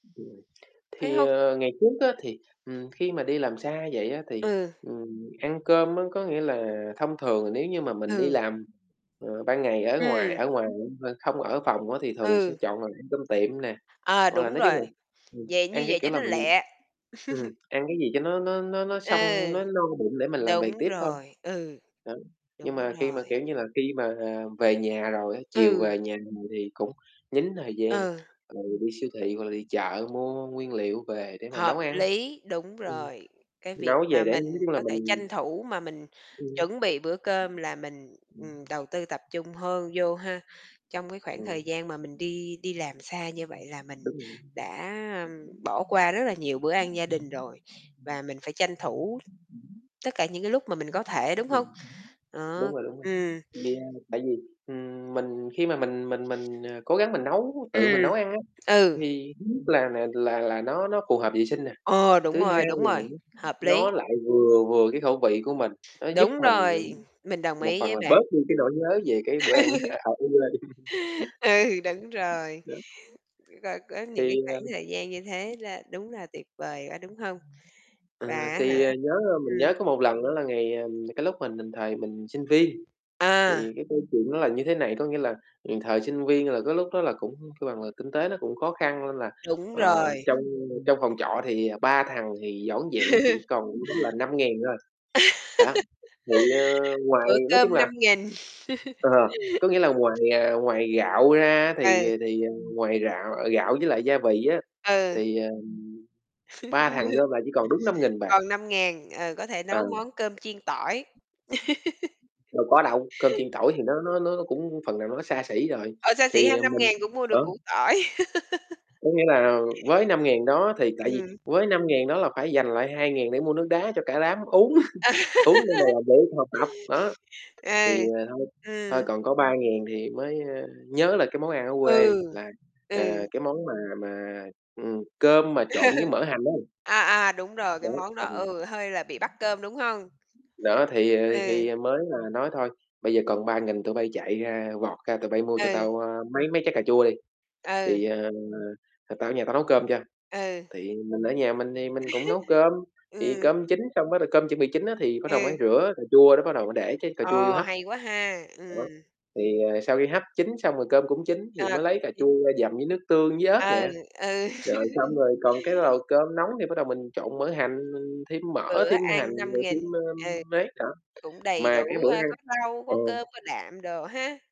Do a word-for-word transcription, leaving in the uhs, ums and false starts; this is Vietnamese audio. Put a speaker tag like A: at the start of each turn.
A: Ừm.
B: Thấy
A: Thì,
B: hông?
A: ờ, ngày trước á thì, ừm, khi mà đi làm xa vậy á, thì,
B: Ừ.
A: ừm, ăn cơm á có nghĩa là thông thường nếu như mà mình đi
B: Ừ.
A: làm, ờ, ban ngày ở ngoài
B: Ừm.
A: ở ngoài mà không ở phòng á thì thường sẽ
B: Ừ.
A: chọn là ăn cơm tiệm nè,
B: À,
A: hoặc là
B: đúng rồi,
A: [unintelligible]
B: vậy
A: ăn
B: như
A: cái,
B: vậy
A: kiểu
B: cho
A: là,
B: nó
A: mình
B: lẹ.
A: ừm, ăn cái gì cho nó nó nó nó
B: Ừ,
A: xong nó no bụng để mình làm việc
B: đúng
A: tiếp thôi.
B: rồi. Ừ,
A: Đó, nhưng
B: đúng
A: mà khi mà,
B: rồi.
A: kiểu như là, khi mà về nhà rồi á, chiều
B: Ừ.
A: về nhà rồi thì cũng dính thời gian,
B: Ừ.
A: rồi đi siêu thị hoặc là đi chợ mua nguyên liệu về để mà nấu
B: Hợp
A: ăn.
B: lý, đúng
A: Ừm,
B: rồi, cái việc
A: nấu về
B: mà
A: để nói
B: mình
A: chung là
B: có thể
A: mình
B: tranh thủ mà mình
A: Ừm.
B: chuẩn bị bữa cơm là mình, ừm, đầu tư tập trung hơn vô ha. Trong cái khoảng thời
A: Ừm.
B: gian mà mình đi đi làm xa như vậy là mình
A: Đúng rồi.
B: đã bỏ qua rất là nhiều bữa ăn gia đình rồi và mình phải tranh thủ tất cả những cái lúc mà mình có thể, đúng không?
A: [unintelligible] Đúng
B: Đó,
A: rồi, đúng rồi.
B: ừm.
A: [unintelligible] Ừm, mình khi mà mình mình mình, à, cố gắng mình nấu, tự mình
B: Ừm,
A: nấu ăn á,
B: ừ.
A: thì thứ nhất là là là nó nó phù hợp vệ sinh nè,
B: Ờ, đúng
A: thứ
B: rồi,
A: hai
B: đúng rồi,
A: [unintelligible]
B: hợp lý.
A: nó lại vừa vừa cái khẩu vị của mình. Nó giúp
B: Đúng
A: mình
B: rồi, mình
A: [unintelligible]
B: đồng
A: một
B: ý
A: phần
B: với
A: là
B: bạn.
A: bớt đi cái nỗi nhớ về cái bữa ăn á [unintelligible]
B: Ừ, đúng rồi,
A: Đó.
B: c có những cái
A: Thì
B: khoảng
A: ờ
B: thời gian như thế là đúng là tuyệt vời quá, đúng hông?
A: Ừ,
B: Và á hả
A: thì, ờ, nhớ,
B: ừm.
A: mình nhớ có một lần đó là ngày ờ, cái lúc mà, thời mình sinh viên,
B: À.
A: thì cái câu chuyện nó là như thế này, có nghĩa là, ừm, thời sinh viên là cái lúc đó là cũng là là kinh tế nó cũng khó khăn nên là,
B: Đúng
A: ờ,
B: rồi.
A: trong trong phòng trọ thì, ờ, ba thằng thì vỏn vẹn chỉ còn đúng là năm ngàn thôi. Đó, thì như ngoài
B: Bữa
A: nói chung
B: cơm
A: là
B: năm nghìn.
A: ờ, có nghĩa là ngoài, à, ngoài gạo ra á, thì,
B: Ừ.
A: à, thì ngoài gạo gạo với lại gia vị á,
B: Ừ.
A: thì, ờ, ba thằng gom lại chỉ còn đúng năm nghìn bạc.
B: Còn năm ngàn, ờ, có thể nấu
A: Ừ.
B: món cơm chiên tỏi.
A: Đâu có đâu, cơm chiên tỏi thì nó nó nó cũng phần nào nó xa xỉ rồi,
B: Ờ, xa xỉ ha,
A: thì
B: năm
A: mình
B: ngàn cũng mua được củ
A: [unintelligible]
B: tỏi.
A: Có nghĩa là với năm ngàn đó thì tại vì
B: Ừm.
A: với năm ngàn đó là phải dành lại hai ngàn để mua nước đá cho cả đám uống, uống [unintelligible] mà
B: Ừ,
A: là để học tập. Đó,
B: ừ,
A: thì, à, thôi thôi
B: ừm.
A: còn có ba ngàn thì mới nhớ là cái món ăn ở quê
B: Ừ,
A: là, ờ,
B: ừ.
A: cái món mà mà, ừm, cơm mà trộn với mỡ hành ấy.
B: À, à, đúng rồi, cái
A: Đấy,
B: món
A: tại
B: đó
A: vì
B: ừ, hơi là bị bắt cơm, đúng hông?
A: Đó thì, ờ,
B: Ừ.
A: thì mới là nói thôi. Bây giờ còn ba nghìn tụi bây chạy ra, vọt ra tụi bây mua cho
B: Ừ.
A: tao, ơ, mấy mấy trái cà chua đi,
B: Ừ.
A: thì ờ, tao ở nhà tao nấu cơm cho,
B: Ừ.
A: thì mình ở nhà mình thì mình cũng nấu cơm, thì
B: Ừ.
A: cơm chín xong bắt đầu cơm chuẩn bị chín á, thì bắt đầu
B: Ừ.
A: mới rửa cà chua đó bắt đầu mới để cái cà chua vô
B: Ờ,
A: hấp.
B: hay quá ha.
A: Đó,
B: Ừm.
A: thì ờ, sau khi hấp chín xong rồi cơm cũng chín thì
B: À,
A: mới lấy
B: còn
A: cà chua
B: chín.
A: ra dầm với nước tương với ớt
B: Ừ,
A: nè.
B: ừ.
A: Rồi, xong rồi còn cái nồi cơm nóng thì bắt đầu mình trộn mỡ hành, mình thêm mỡ,
B: Bữa
A: thêm hành
B: ăn năm
A: rồi thêm
B: nghìn, ừ.
A: m mấy nữa.
B: Cũng đầy
A: Mà cái
B: đủ,
A: bữa
B: ơ,
A: ăn
B: có rau, có
A: ừ.
B: cơm, có đạm đồ ha?